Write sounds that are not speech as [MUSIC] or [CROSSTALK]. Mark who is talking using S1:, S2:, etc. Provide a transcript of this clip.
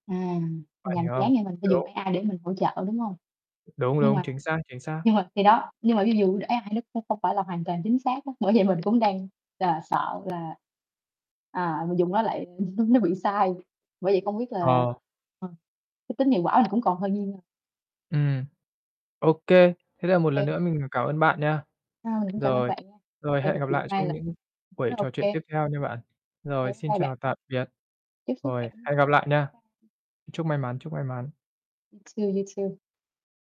S1: À, mình
S2: Bạn
S1: làm
S2: hiểu
S1: dự
S2: hông?
S1: án này mình phải dùng
S2: Đúng.
S1: AI để mình hỗ trợ, đúng hông?
S2: Đúng,
S1: Nhưng
S2: đúng,
S1: mà
S2: chính xác, chính xác.
S1: nhưng mà khi đó nhưng mà ví dụ AI nó cũng không phải là hoàn toàn chính xác á, bởi vậy mình cũng đang là sợ là, à, mình dùng nó lại [CHUCKLES] nó bị sai, bởi vậy không biết là,
S2: Ờ.
S1: ờ, cái tính hiệu quả mình cũng còn hơi nghi ngờ.
S2: Ừm. Ô kê. Thế
S1: Ô
S2: là một lần
S1: kê.
S2: nữa mình cảm ơn bạn nha.
S1: Ờ, mình cũng cảm ơn
S2: Rồi.
S1: bạn nha,
S2: Rồi,
S1: hay được
S2: hẹn gặp
S1: chuyện
S2: lại
S1: nay
S2: trong
S1: là
S2: những buổi
S1: nó ô
S2: trò chuyện
S1: kê.
S2: tiếp theo nha bạn.
S1: Ô kê,
S2: Rồi,
S1: bye
S2: xin
S1: bye bạn.
S2: chào tạm biệt.
S1: Chúc sức
S2: Rồi,
S1: khỏe nha.
S2: hẹn gặp lại nha.
S1: Bye.
S2: Chúc may mắn, chúc may mắn.
S1: Too, you too.